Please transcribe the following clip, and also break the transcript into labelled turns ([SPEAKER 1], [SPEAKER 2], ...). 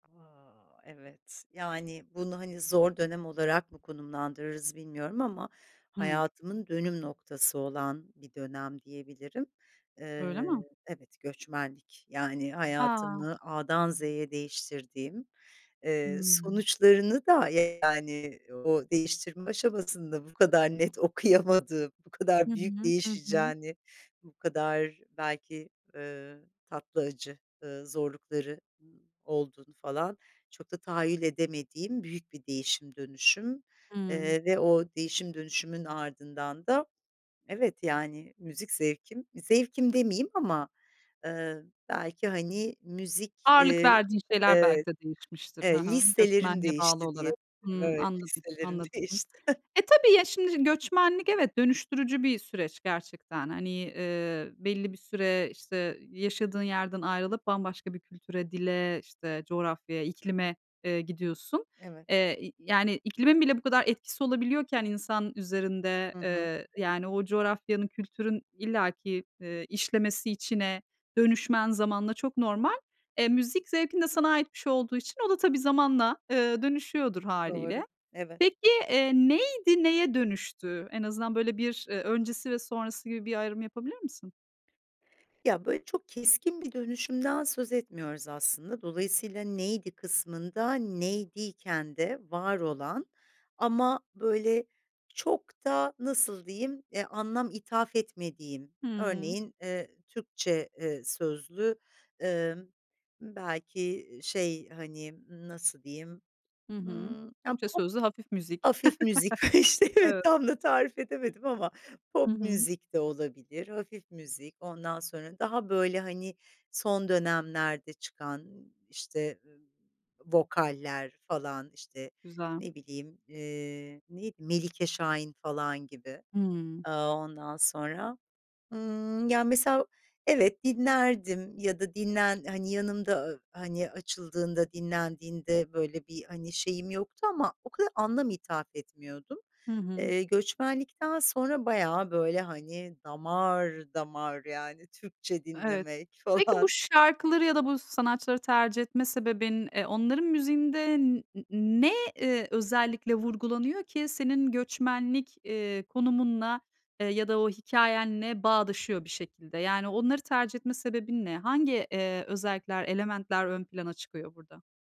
[SPEAKER 1] A! Evet, yani, bunu, hani, zor dönem olarak mı konumlandırırız bilmiyorum ama
[SPEAKER 2] Hı.
[SPEAKER 1] hayatımın dönüm noktası olan bir dönem diyebilirim.
[SPEAKER 2] Öyle
[SPEAKER 1] Eee
[SPEAKER 2] mi?
[SPEAKER 1] Evet, göçmenlik. Yani,
[SPEAKER 2] A!
[SPEAKER 1] hayatımı A'dan Z'ye değiştirdiğim, eee,
[SPEAKER 2] Hımm.
[SPEAKER 1] sonuçlarını da, yani, o değiştirme aşamasında bu kadar net okuyamadığım, bu
[SPEAKER 2] Hı
[SPEAKER 1] kadar büyük
[SPEAKER 2] hı. Hı hı.
[SPEAKER 1] değişeceğini, bu kadar belki, ııı, tatlı, acı, ııı, zorlukları ı olduğunu, falan, çok da tahayyül edemediğim büyük bir değişim dönüşüm.
[SPEAKER 2] Hıı.
[SPEAKER 1] Eee, ve o değişim dönüşümün ardından da, evet, yani, müzik zevkim, zevkim demeyeyim ama, ııı, belki, hani, müzik,
[SPEAKER 2] Ağırlık
[SPEAKER 1] eee
[SPEAKER 2] verdiğin şeyler
[SPEAKER 1] Evet,
[SPEAKER 2] belki de değişmiştir, hı
[SPEAKER 1] e
[SPEAKER 2] hı,
[SPEAKER 1] listelerim
[SPEAKER 2] göçmenliğe bağlı
[SPEAKER 1] değişti
[SPEAKER 2] olarak.
[SPEAKER 1] diyebilirim,
[SPEAKER 2] Hımm,
[SPEAKER 1] evet.
[SPEAKER 2] anladım,
[SPEAKER 1] Listelerim
[SPEAKER 2] anladım. Hı hı.
[SPEAKER 1] değişti.
[SPEAKER 2] E, tabii, ya, şimdi göçmenlik, evet, dönüştürücü bir süreç gerçekten. Hani, eee, belli bir süre, işte, yaşadığın yerden ayrılıp bambaşka bir kültüre, dile, işte, coğrafyaya, iklime, eee, gidiyorsun.
[SPEAKER 1] Evet.
[SPEAKER 2] Eee, y yani, iklimin bile bu kadar etkisi olabiliyorken insan üzerinde,
[SPEAKER 1] Hı hı.
[SPEAKER 2] eee, yani, o coğrafyanın, kültürün illaki, eee, işlemesi içine, dönüşmen zamanla çok normal. E, müzik zevkin de sana ait bir şey olduğu için o da tabii zamanla, eee, dönüşüyordur
[SPEAKER 1] Doğru,
[SPEAKER 2] hâliyle.
[SPEAKER 1] evet.
[SPEAKER 2] Peki, eee, neydi, neye dönüştü? En azından böyle bir, eee, öncesi ve sonrası gibi bir ayrım yapabilir misin?
[SPEAKER 1] Ya, böyle çok keskin bir dönüşümden söz etmiyoruz aslında. Dolayısıyla neydi kısmında, neydi iken de var olan ama, böyle, çok da nasıl diyeyim, eee, anlam ithaf etmediğim.
[SPEAKER 2] Hıı.
[SPEAKER 1] Örneğin, eee, Türkçe, eee, sözlü, ımm, belki i şey, hani, nasıl diyeyim,
[SPEAKER 2] Hı hı,
[SPEAKER 1] ımm, ya,
[SPEAKER 2] Türkçe
[SPEAKER 1] pop,
[SPEAKER 2] sözlü hafif müzik.
[SPEAKER 1] hafif müzik, işte, evet,
[SPEAKER 2] Evet.
[SPEAKER 1] tam da tarif edemedim ama.
[SPEAKER 2] Hı
[SPEAKER 1] Pop
[SPEAKER 2] hı.
[SPEAKER 1] müzik de olabilir, hafif müzik, ondan sonra daha, böyle, hani, son dönemlerde çıkan, işte, eee, vokaller, falan, işte,
[SPEAKER 2] Güzel.
[SPEAKER 1] ne bileyim, eee, neydi? Melike Şahin, falan, gibi.
[SPEAKER 2] Hıı.
[SPEAKER 1] Aaa, ondan sonra, ımm, ya, mesela, evet, dinlerdim ya da dinlen hani, yanımda, aaa, hani, açıldığında dinlendiğinde, böyle, bir, hani, şeyim yoktu ama o kadar anlam ithaf etmiyordum.
[SPEAKER 2] Hı hı.
[SPEAKER 1] Eee, göçmenlikten sonra bayağı, böyle, hani, damar damar yani, Türkçe
[SPEAKER 2] Evet.
[SPEAKER 1] dinlemek,
[SPEAKER 2] Peki, bu
[SPEAKER 1] falan.
[SPEAKER 2] şarkıları ya da bu sanatçıları tercih etme sebebin, eee, onların müziğinde n n ne, eee, özellikle vurgulanıyor ki senin göçmenlik, eee, konumunla, eee, ya da o hikâyenle bağdaşıyor bir şekilde? Yani onları tercih etme sebebin ne? Hangi, eee, özellikler, elementler ön plana çıkıyor burada?